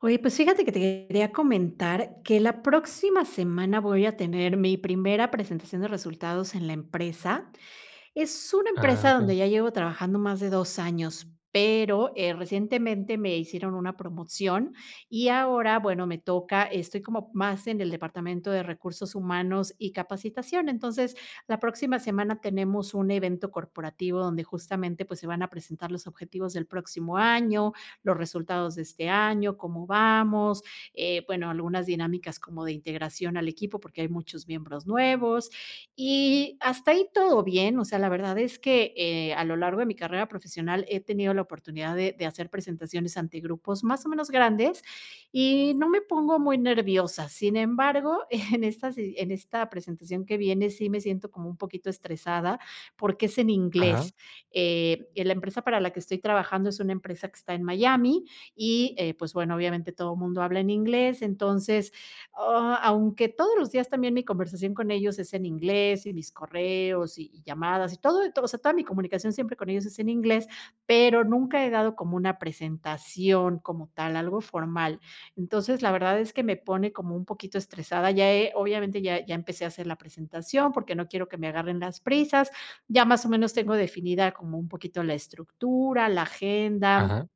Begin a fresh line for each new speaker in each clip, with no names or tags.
Oye, pues, fíjate que te quería comentar que la próxima semana voy a tener mi primera presentación de resultados en la empresa. Es una
Ah,
empresa donde
okey.
ya llevo trabajando más de 2 años, pero, eh, recientemente me hicieron una promoción, y ahora, bueno, me toca estoy como más en el departamento de recursos humanos y capacitación. Entonces, la próxima semana tenemos un evento corporativo donde justamente, pues, se van a presentar los objetivos del próximo año, los resultados de este año, cómo vamos, eh, bueno, algunas dinámicas como de integración al equipo, porque hay muchos miembros nuevos, y hasta ahí todo bien. O sea, la verdad es que, eh, a lo largo de mi carrera profesional he tenido la oportunidad de de hacer presentaciones ante grupos, más o menos, grandes, y no me pongo muy nerviosa, sin embargo, en estas si en esta presentación que viene sí me siento como un poquito estresada, porque es en
Ajá.
inglés. Eh, la empresa para la que estoy trabajando es una empresa que está en Miami y, eh, pues, bueno, obviamente todo mundo habla en inglés, entonces, ah, aunque todos los días también mi conversación con ellos es en inglés, y mis correos, y y llamadas y todo, todo. O sea, toda mi comunicación siempre con ellos es en inglés, pero nunca he dado como una presentación como tal, algo formal. Entonces, la verdad es que me pone como un poquito estresada, ya he, obviamente ya, ya empecé a hacer la presentación, porque no quiero que me agarren las prisas. Ya, más o menos, tengo definida como un poquito la estructura, la agenda,
Ajá.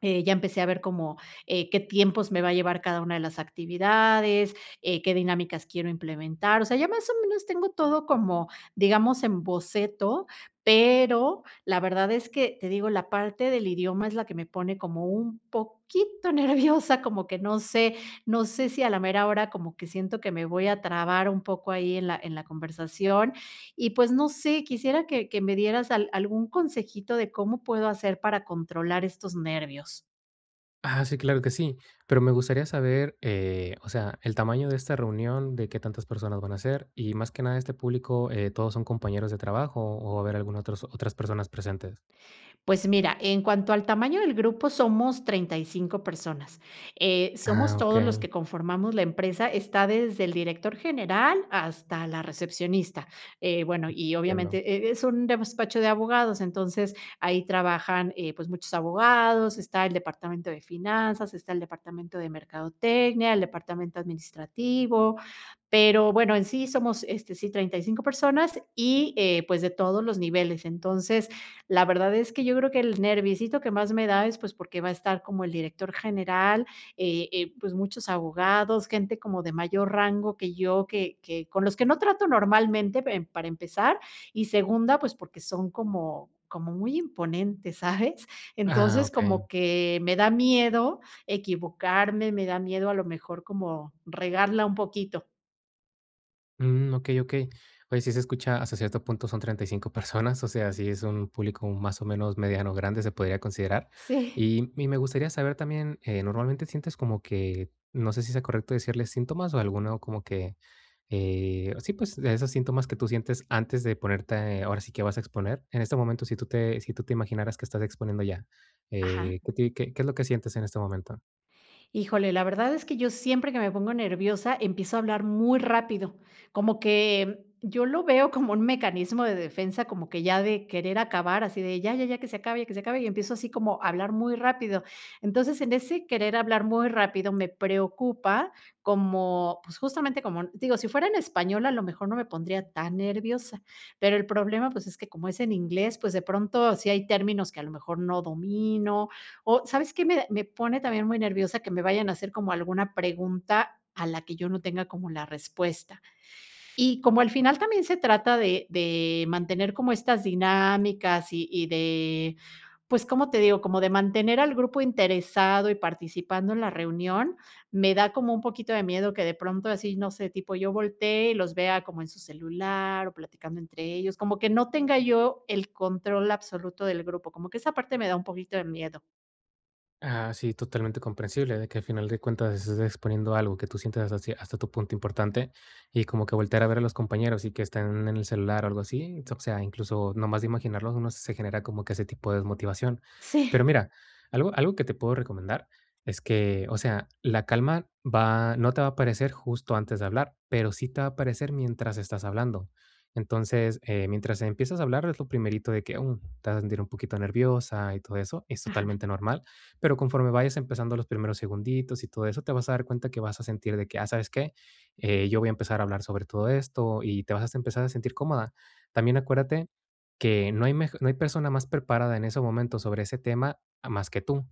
eh, ya empecé a ver como, eh, qué tiempos me va a llevar cada una de las actividades, eh, qué dinámicas quiero implementar. O sea, ya más o menos, tengo todo como, digamos, en boceto, pero la verdad es que, te digo, la parte del idioma es la que me pone como un poquito nerviosa, como que no sé, no sé si a la mera hora como que siento que me voy a trabar un poco ahí en la, en la conversación, y pues no sé, quisiera que, que me dieras al algún consejito de cómo puedo hacer para controlar estos nervios.
Ah, sí, claro que sí, pero me gustaría saber, eh, o sea, el tamaño de esta reunión, de qué tantas personas van a ser, y más que nada este público, eh, ¿todos son compañeros de trabajo o va a haber algún otros otras personas presentes?
Pues mira, en cuanto al tamaño del grupo somos 35 personas. Eh,
Ah,
somos todos los
okey.
que conformamos la empresa, está desde el director general hasta la recepcionista. Eh, bueno, y
Entiendo.
obviamente e es un despacho de abogados, entonces ahí trabajan, eh, pues, muchos abogados, está el departamento de finanzas, está el departamento de mercadotecnia, el departamento administrativo, pero, bueno, en sí somos, este, sí, 35 personas y, eh, pues, de todos los niveles. Entonces, la verdad es que yo creo que el nerviecito que más me da es, pues, porque va a estar como el director general, eh, eh, pues, muchos abogados, gente como de mayor rango que yo, que que con los que no trato normalmente, em para empezar y segunda, pues, porque son como como muy imponentes, ¿sabes?,
Ah,
entonces, como
okey.
que me da miedo equivocarme, me da miedo a lo mejor como, regarla un poquito.
Mm, Okey, okey. Pues, sí se escucha hasta cierto punto, son 35 personas. O sea, sí es un público, más o menos, mediano, grande, se podría considerar.
S Sí.
Y y me gustaría saber también, eh, normalmente sientes como que, no sé si sea correcto decirles síntomas, o alguno como que, eh, sí, pues, de esos síntomas que tú sientes antes de ponerte, ahora sí que vas a exponer. En este momento, si tú te si tú te imaginaras que estás exponiendo ya,
Ajá.
eh, ¿que ti que qué es lo que sientes en este momento?
Híjole, la verdad es que yo siempre que me pongo nerviosa, empiezo a hablar muy rápido, como que yo lo veo como un mecanismo de defensa, como que ya de querer acabar, así de ya, ya, ya, que se acabe, que se acabe, y empiezo así como a hablar muy rápido. Entonces, en ese querer hablar muy rápido me preocupa como, pues, justamente como digo, si fuera en español, a lo mejor no me pondría tan nerviosa, pero el problema, pues, es que como es en inglés, pues, de pronto, sí hay términos que a lo mejor no domino o, ¿sabes qué? Me da me pone también muy nerviosa que me vayan a hacer como alguna pregunta a la que yo no tenga como la respuesta. Y como al final, también se trata de de mantener como estas dinámicas, y y de, pues, ¿cómo te digo? Como de mantener al grupo interesado y participando en la reunión, me da como un poquito de miedo que de pronto así, no sé, tipo yo voltee, y los vea como en su celular, o platicando entre ellos, como que no tenga yo el control absoluto del grupo, como que esa parte me da un poquito de miedo.
Ah, sí, totalmente comprensible, de que al final de cuentas estés exponiendo algo que tú sientas hacia hasta tu punto importante, y como que voltear a ver a los compañeros y que están en el celular, algo así. O sea, incluso, nomás de imaginarlos, uno se genera como que ese tipo desmotivación. Pero
Sí.
mira, algo algo que te puedo recomendar es que, o sea, la calma va no te va a aparecer justo antes de hablar, pero sí te va a aparecer mientras estás hablando. Entonces, eh, mientras empiezas a hablar, es lo primerito de que, mm, te vas a sentir un poquito nerviosa y todo eso, es
Ajá.
totalmente normal. Pero, conforme vayas empezando los primeros segunditos y todo eso, te vas a dar cuenta que vas a sentir de que, ah, ¿sabes qué?, eh, yo voy a empezar a hablar sobre todo esto, y te vas a empezar a sentir cómoda. También acuérdate que no hay mej no hay persona más preparada en ese momento sobre ese tema, a más que tú.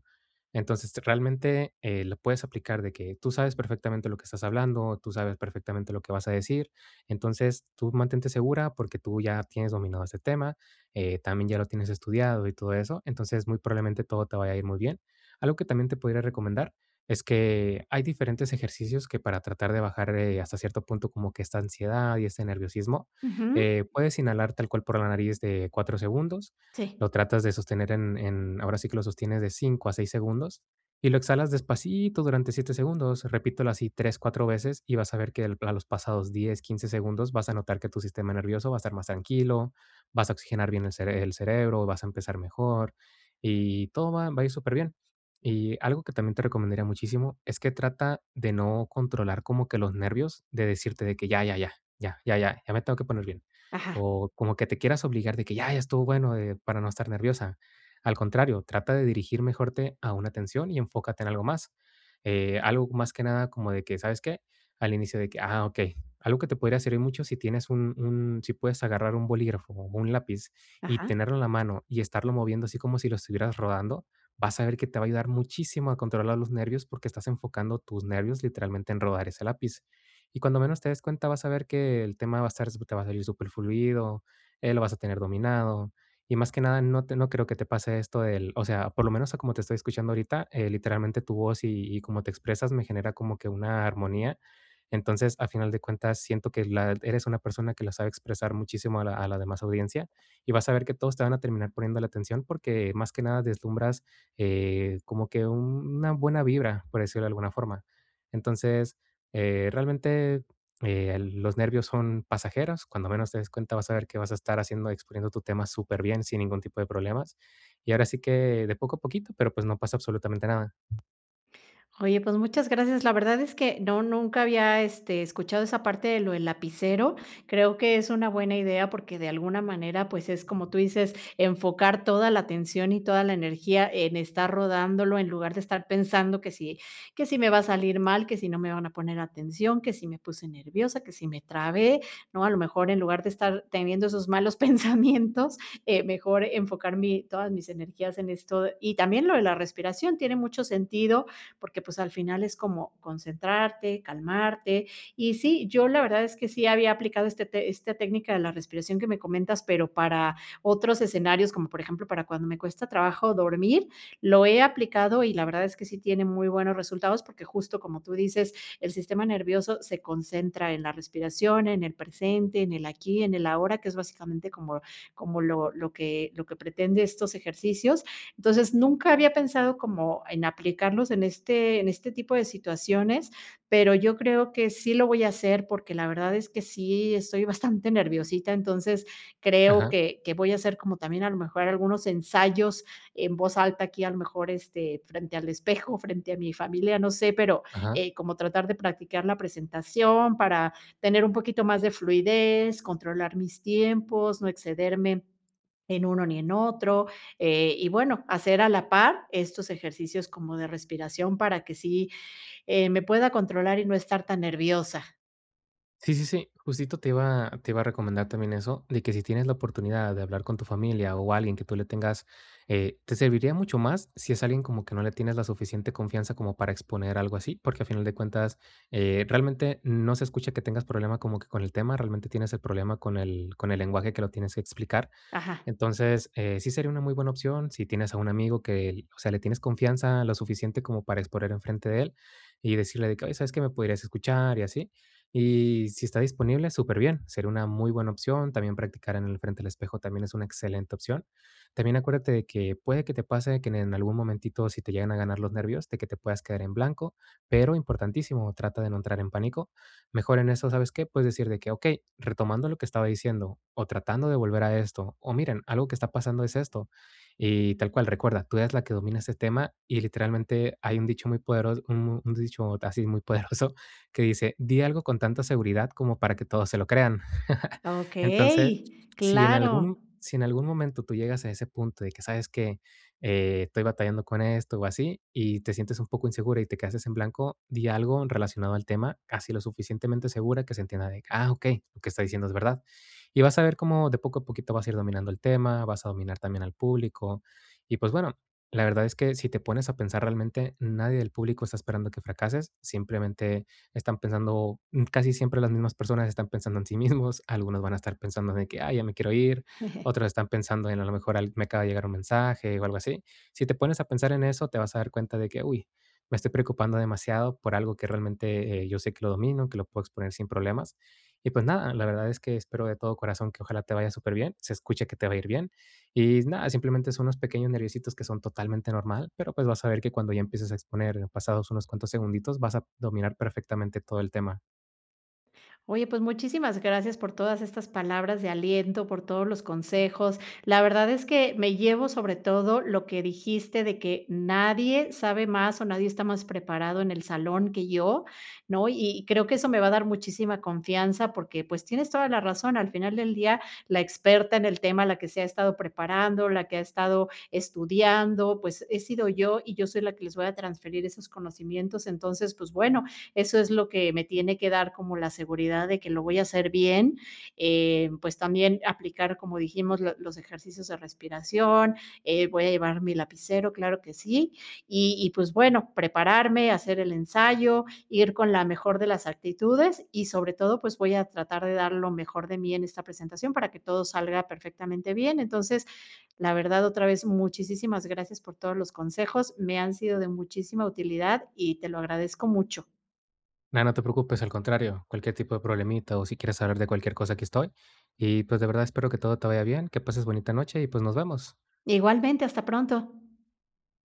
Entonces, realmente, eh, lo puedes aplicar de que tú sabes perfectamente lo que estás hablando, tú sabes perfectamente lo que vas a decir. Entonces, tú mantente segura porque tú ya tienes dominado ese tema, eh, también ya lo tienes estudiado y todo eso. Entonces, muy probablemente todo te vaya a ir muy bien. Algo que también te podría recomendar, es que hay diferentes ejercicios que para tratar de bajar, eh, hasta cierto punto como que esta ansiedad y este nerviosismo,
Ujú.
eh, puedes inhalar tal cual por la nariz de 4 segundos.
Sí.
Lo tratas de sostener en en, ahora sí que lo sostienes de 5 a 6 segundos, y lo exhalas despacito durante 7 segundos. Repítelo así 3, 4 veces, y vas a ver que a los pasados 10, 15 segundos vas a notar que tu sistema nervioso va a estar más tranquilo, vas a oxigenar bien el cere el cerebro, vas a empezar mejor y todo va va a ir superbién. Y algo que también te recomendaría muchísimo, es que trata de no controlar como que los nervios, de decirte de que ya, ya, ya, ya, ya, ya me tengo que poner bien,
Ajá.
o como que te quieras obligar de que: "Ya, ya estuvo bueno", eh, para no estar nerviosa. Al contrario, trata de dirigir mejor te a una atención y enfócate en algo más. Eh, algo más que nada como de que, ¿sabes qué?, al inicio de que ah, okey. Algo que te podría servir mucho si tienes un un si puedes agarrar un bolígrafo, o un lápiz y
Ajá.
tenerlo en la mano y estarlo moviendo así como si lo estuvieras rodando, vas a ver que te va a ayudar muchísimo a controlar los nervios porque estás enfocando tus nervios literalmente en rodar ese lápiz. Y cuando menos te des cuenta, vas a ver que el tema va a estar te va a salir superfluido, eh, lo vas a tener dominado, y más que nada no te no creo que te pase esto del o sea, por lo menos a como te estoy escuchando ahorita, eh, literalmente tu voz y y cómo te expresas me genera como que una armonía. Entonces, a final de cuentas, siento que la eres una persona que la sabe expresar muchísimo a la a la demás audiencia, y vas a ver que todos te van a terminar poniéndole atención porque, más que nada, deslumbras, eh, como que una buena vibra, por decirlo de alguna forma. Entonces, eh, realmente, eh, los nervios son pasajeros. Cuando menos te des cuenta, vas a ver que vas a estar haciendo, exponiendo tu tema superbién, sin ningún tipo de problemas. Y ahora sí que de poco a poquito, pero pues no pasa absolutamente nada.
Oye, pues, muchas gracias. La verdad es que no nunca había, eh, este, escuchado esa parte de lo del lapicero. Creo que es una buena idea, porque, de alguna manera, pues, es como tú dices, enfocar toda la atención y toda la energía en estar rodándolo, en lugar de estar pensando que si que si me va a salir mal, que si no me van a poner atención, que si me puse nerviosa, que si me trabé, ¿no? A lo mejor, en lugar de estar teniendo esos malos pensamientos, eh, mejor enfocar mi, todas mis energías en esto. Y también lo de la respiración tiene mucho sentido, porque, pues, al final es como concentrarte, calmarte. Y sí, yo la verdad es que sí había aplicado este esta técnica de la respiración que me comentas, pero, para otros escenarios, como por ejemplo, para cuando me cuesta trabajo dormir, lo he aplicado y la verdad es que sí tiene muy buenos resultados, porque justo, como tú dices, el sistema nervioso se concentra en la respiración, en el presente, en el aquí, en el ahora, que es básicamente como como lo lo que lo que pretende estos ejercicios. Entonces, nunca había pensado como en aplicarlos en este en este tipo de situaciones, pero, yo creo que sí lo voy a hacer porque la verdad, es que sí estoy bastante nerviosita. Entonces creo
Ajá.
que que voy a hacer como también a lo mejor algunos ensayos en voz alta, aquí a lo mejor, este, frente al espejo, frente a mi familia, no sé, pero,
Ajá.
eh, como tratar de practicar la presentación para tener un poquito más de fluidez, controlar mis tiempos, no excederme en uno, ni en otro, eh, y bueno, hacer a la par estos ejercicios como de respiración, para que sí, eh, me pueda controlar y no estar tan nerviosa.
Sí, sí, sí, justito te iba te iba a recomendar también eso, de que si tienes la oportunidad de hablar con tu familia, o, alguien que tú le tengas eh te serviría mucho más si es alguien como que no le tienes la suficiente confianza como para exponer algo así, porque a final de cuentas, eh, realmente no se escucha que tengas problema como que con el tema, realmente tienes el problema con el con el lenguaje que lo tienes explicar.
Ajá.
Entonces, eh, sí sería una muy buena opción si tienes a un amigo que, o sea, le tienes confianza, lo suficiente como para exponer en frente de él y decirle de que: "Oye, ¿sabes qué?, me podrías escuchar" y así, y si está disponible, súper bien, sería una muy buena opción. También practicar en el frente del espejo también es una excelente opción. También acuérdate de que puede que te pase que en algún momentito, si te llegan a ganar los nervios, de que te puedas quedar en blanco, pero importantísimo, trata de no entrar en pánico, mejor en eso, ¿sabes qué?, puedes decir de que: "Okey, retomando lo que estaba diciendo, o, tratando de volver a esto, o, miren, algo que está pasando es esto". Y tal cual recuerda, tú eres la que domina ese tema, y literalmente hay un dicho muy podero un dicho así muy poderoso, que dice: "Di algo con tanta seguridad como para que todos se lo crean". Entonces,
Okey,
si en
claro.
algún si en algún momento tú llegas a ese punto de que, ¿sabes qué?, eh, estoy batallando con esto, o así, y te sientes un poco insegura y te quedaste en blanco, di algo relacionado al tema, casi lo suficientemente segura que se entienda de: "Ah, okey, lo que está diciendo es verdad", y vas a ver cómo de poco a poquito vas a ir dominando el tema, vas a dominar también al público. Y pues, bueno, la verdad es que si te pones a pensar realmente, nadie del público está esperando que fracases, simplemente están pensando, mm, casi siempre las mismas personas están pensando en sí mismos, algunos van a estar pensando de que: "Ay, ya me quiero ir", otros están pensando en a lo mejor me acaba de llegar un mensaje, o. algo así, si te pones a pensar en eso, te vas a dar cuenta de que: "Uy me estoy preocupando demasiado por algo que realmente yo sé que lo domino, que lo puedo exponer sin problemas". Y pues nada, la verdad es que espero de todo corazón, que ojalá te vaya súper bien, se escucha que te va a ir bien, y nada, simplemente son unos pequeños nerviesitos que son totalmente normal, pero, pues, vas a ver que cuando ya empieces a exponer en pasados unos cuantos segunditos, vas a dominar perfectamente todo el tema.
Oye, pues muchísimas gracias por todas estas palabras de aliento, por todos los consejos. La verdad es que, me llevo sobre todo lo que dijiste de que nadie sabe más o nadie está más preparado en el salón que yo, ¿no?, y creo que eso me va a dar muchísima confianza porque, pues, tienes toda la razón. Al final del día, la experta en el tema, la que se ha estado preparando, la que ha estado estudiando, pues, he sido yo y yo soy la que les voy a transferir esos conocimientos. Entonces, pues, bueno, eso es lo que me tiene que dar como la seguridad de que lo voy a hacer bien, eh, pues también, aplicar como dijimos, los los ejercicios de respiración, eh, voy a llevar mi lapicero, claro que sí, y y pues bueno, prepararme, hacer el ensayo, ir con la mejor de las actitudes, y sobre todo pues voy a tratar de dar lo mejor de mí en esta presentación para que todo salga perfectamente bien. Entonces, la verdad, otra vez, muchísisimas gracias por todos los consejos, me han sido de muchísima utilidad y te lo agradezco mucho.
No, no te preocupes, al contrario, cualquier tipo de problemita o si quieres saber de cualquier cosa aquí estoy. Y, pues, de verdad, espero que todo te vaya bien. Que pases bonita noche y, pues, nos vemos.
Igualmente, hasta pronto.